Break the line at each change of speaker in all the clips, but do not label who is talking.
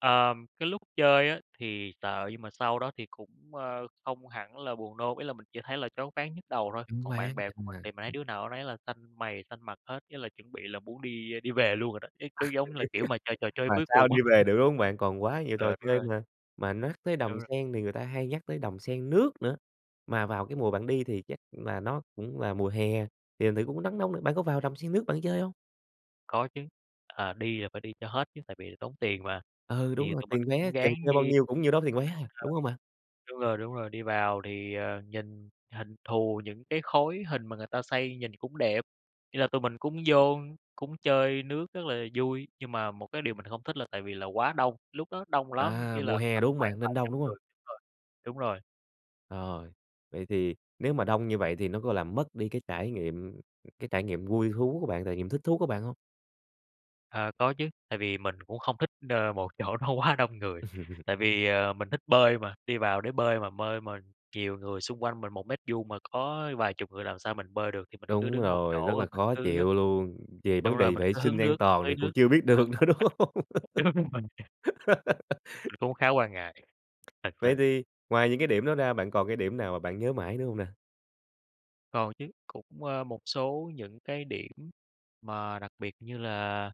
Ờm, cái lúc chơi á thì sợ, nhưng mà sau đó thì cũng, ơ, không hẳn là buồn nôn. Ý là mình chỉ thấy là choáng váng, nhức đầu thôi.
Choáng
Còn bạn
váng,
bè của mình
à.
thì mình thấy đứa nào đứa nấy là xanh mày xanh mặt hết, với là chuẩn bị là muốn đi đi về luôn rồi đó, cái cái giống như là kiểu mà chơi trò chơi
Mà
cuối cùng
sao đi
á.
về được, đúng hông bạn? Còn quá nhiều trò
Ờ, đúng
chơi
rồi.
mà. Mà nhắc tới
Đúng
Đầm
rồi.
Sen thì người ta hay nhắc tới Đầm Sen Nước nữa, mà vào cái mùa bạn đi thì chắc là nó cũng là mùa hè, thì thành thử cũng nắng nóng nữa, bạn có vào Đầm Sen Nước bạn chơi hông?
Có chứ. À, đi là phải đi cho hết chứ, tại vì tốn tiền mà.
Ừ, đúng
Thì
rồi.
tụi mình
Tiền vé
cũng
kèm
ráng
theo bao
đi
nhiêu cũng nhiêu đó tiền vé à,
[unintelligible]
đúng hông bạn?
đúng rồi, đúng rồi. Đi vào thì, ờ, nhìn hình thù những cái khối hình mà người ta xây nhìn cũng đẹp. Ý là tụi mình cũng vô, cũng chơi nước rất là vui. Nhưng mà một cái điều mình không thích là tại vì là quá đông, lúc đó đông lắm,
À,
ý là
mùa hè,
tầm
đúng hông
khoảng
bạn?
phải
Nên
vài
đông,
trăm
đúng hông?
người rồi, đúng rồi.
Rồi, vậy thì nếu mà đông như vậy thì nó có làm mất đi cái trải nghiệm ừm, cái trải nghiệm vui thú của bạn, trải nghiệm thích thú của bạn hông?
À, có chứ. Tại vì mình cũng không thích, ờ, một chỗ nó quá đông người. Tại vì, ờ, mình thích bơi mà, đi vào để bơi, mà bơi mà nhiều người xung quanh mình, 1 mét vuông mà có vài chục người làm sao mình bơi được. Thì mình cứ
Đúng
đứng một chỗ
rồi, rất là
rồi mình
khó
cứ
chịu luôn. Về
đúng
vấn
rồi,
đề
mình
vệ
cứ
sinh
hứng
an
nước,
toàn
tưới
này còn
nước
chưa biết được nữa, đúng hông?
đúng rồi. Cũng khá quan ngại, thật
Vậy
sự.
thì ngoài những cái điểm đó ra, bạn còn cái điểm nào mà bạn nhớ mãi nữa hông nè?
Còn chứ. Cũng, ờ, một số những cái điểm mà đặc biệt như là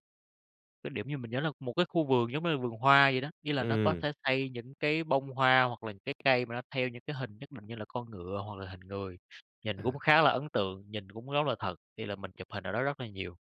cái điểm như mình nhớ là một cái khu vườn giống như là vườn hoa vậy đó. Ý là nó có
Ừm.
thể xây những cái bông hoa hoặc là những cái cây mà nó theo những cái hình nhất định, như là con ngựa hoặc là hình người. Nhìn cũng
À.
khá là ấn tượng, nhìn cũng rất là thật. Thì là mình chụp hình ở đó rất là nhiều.